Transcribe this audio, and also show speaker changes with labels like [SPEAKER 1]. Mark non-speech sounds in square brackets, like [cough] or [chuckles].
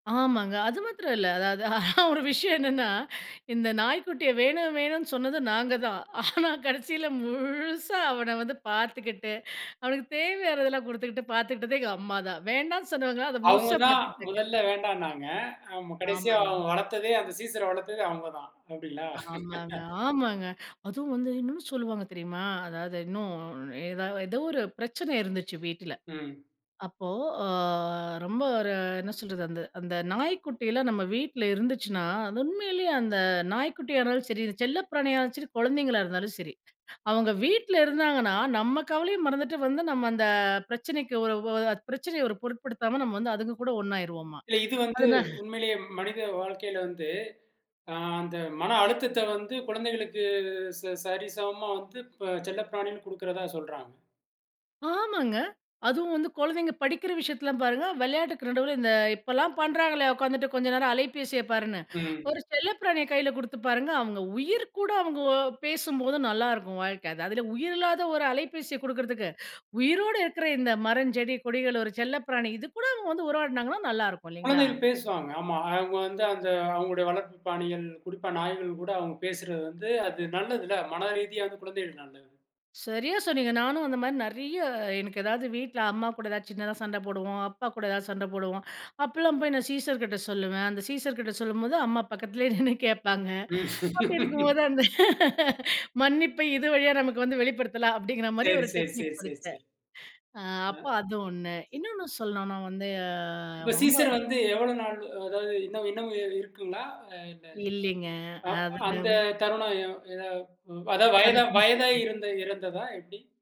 [SPEAKER 1] ஆமாங்க. அது மாத்திரம் இல்ல. அதாவது, ஆனா ஒரு விஷயம் என்னன்னா, இந்த நாய் குட்டிய வேணு, வேணுனு சொன்னது நாங்க தான். ஆனா, கடசியில முழுசா அவன வந்து பாத்துகிட்டு, அவனுக்குத் தேவையானதெல்லாம் குடுத்துகிட்டு பாத்துகிட்டது எங்க அம்மா தான். வேண்டானு சொன்னவங்க அத
[SPEAKER 2] அவங்க
[SPEAKER 1] முழுசா
[SPEAKER 2] தான்
[SPEAKER 1] பாத்துக்கிட்டாங்க.
[SPEAKER 2] முதல்ல
[SPEAKER 1] [chuckles]
[SPEAKER 2] வேண்டான்னாங்க. ஆம கடைசியா
[SPEAKER 1] ஆமாங்க.
[SPEAKER 2] வளர்த்ததே, அந்த சீசர்ற வளர்த்ததே அவங்க தான். அப்படிங்களா!
[SPEAKER 1] ஆமாங்க. ஆமாங்க! அதுவும் வந்து இன்னும் சொல்லுவாங்க தெரியுமா, அதாவது, இன்னும் ஏதாவ ஏதோ ஒரு பிரச்சனை இருந்துச்சு வீட்டுல.
[SPEAKER 2] ம்.
[SPEAKER 1] அப்போ ஓ ரொம்ப ஒரு என்ன சொல்றது, அந்த அந்த நாய் குட்டி எல்லாம் நம்ம வீட்டுல இருந்துச்சுன்னா, து உண்மையிலேயே அந்த நாய் குட்டியானாலும் சரி, செல்லப்பிராணியா [unintelligible] சரி, கொழந்தைங்களா இருந்தாலும் சரி. அவங்க வீட்டுல இருந்தாங்கன்னா, நம்ம கவலைய மறந்துட்டு வந்து நம்ம அந்த பிரச்சனைக்கு ஒரு ஒ அ பிரச்சனைய ஒரு பொருட்படுத்தாம நம்ம வந்து அதுங்க கூட ஒன்னாயிருவோமா!
[SPEAKER 2] இல்ல இது வந்து
[SPEAKER 1] அது தான்.
[SPEAKER 2] உண்மையிலே மனித வாழ்க்கையில வந்து அ அந்த மன அழுத்தத்த வந்து குழந்தைகளுக்கு ச சரிசமமா வந்து ப செல்லப்பிராணியும் கொடுக்கிறதா சொல்றாங்க.
[SPEAKER 1] ஆமாங்க. அதுவும் வந்து கொழந்தைங்க படிக்கிற விஷயத்துல்லா பாருங்க. விளையாட்டுக்கு நடுவுல இந்த இப்பல்லாம் பண்றாங்களே, உக்காந்துட்டு கொஞ்ச நேரம் அலைபேசியப் பாருன்னு.
[SPEAKER 2] ம்.
[SPEAKER 1] ஒரு செல்லப் பிராணிய கைல குடுத்து பாருங்க. அவங்க உயிர்க்கூட அவங்க ஒ பேசும்போது நல்லாயிருக்கும் வாழ்க்க. அது அதுல உயிரில்லாத ஒரு அலைபேசிய குடுக்கறதுக்கு உயிரோட இருக்குற இந்த மரஞ்செடி, கொடிகள், ஒரு செல்லப்பிராணி, இது கூட அவங்க வந்து உறவாடுனாங்கன்னா நல்லாயிருக்கும் இல்லீங்களா?
[SPEAKER 2] குழந்தைகள் பேசுவாங்க. ஆமா அவங்க வந்து அந்த அவங்களுடைய வளர்ப்புப் பிராணிகள், குறிப்பா நாய்கள் கூட அவங்க பேசுறது வந்து அது நல்லதுல்ல! மன ரீதியா வந்து குழந்தைகளுக்கு நல்லது.
[SPEAKER 1] சரியா சொன்னீங்க. நானும் அந்த மாதிரி நெறைய, எனக்கு ஏதாவது வீட்டுல அம்மா கூடச் சின்னதா சண்ட போடுவோம். அப்பா கூட எதாவது சண்ட போடுவோம். அப்பல்லாம் போய் சீசர் கிட்ட சொல்லுவேன். அந்தச் சீசர் கிட்ட சொல்லும்போது அம்மா பக்கத்துல நின்னு கேப்பாங்க. அப்படி
[SPEAKER 2] [laughs]
[SPEAKER 1] இருக்கும்போது அந்த [chuckles] மன்னிப்ப இது வழியா நமக்கு வந்து வெளிப்படுத்தலாம் அப்படிங்கிற மாதிரி
[SPEAKER 2] சரி,
[SPEAKER 1] ஒரு
[SPEAKER 2] சரி,
[SPEAKER 1] டெக்னிக்
[SPEAKER 2] சரி, சரி,
[SPEAKER 1] கொடுத்தேன்.
[SPEAKER 2] சரி.
[SPEAKER 1] அ அப்ப
[SPEAKER 2] அ.
[SPEAKER 1] அது ஒண்ணு. இன்னொன்னு சொல்லணுனா வந்து
[SPEAKER 2] இப்ப
[SPEAKER 1] ரொம்ப,
[SPEAKER 2] சீசர் வந்து எவ்வளவு நாள் அ அதாவது இன்னு இன்னும் இருக்குங்களா? இல்ல.
[SPEAKER 1] இல்லீங்க.
[SPEAKER 2] அ
[SPEAKER 1] அது [unintelligible]
[SPEAKER 2] அந்தத் தருணம் எ எதா ம் அதாவது
[SPEAKER 1] அத
[SPEAKER 2] வயதா வயதாயி
[SPEAKER 1] [unintelligible]
[SPEAKER 2] இருந்த இறந்ததா எப்படி?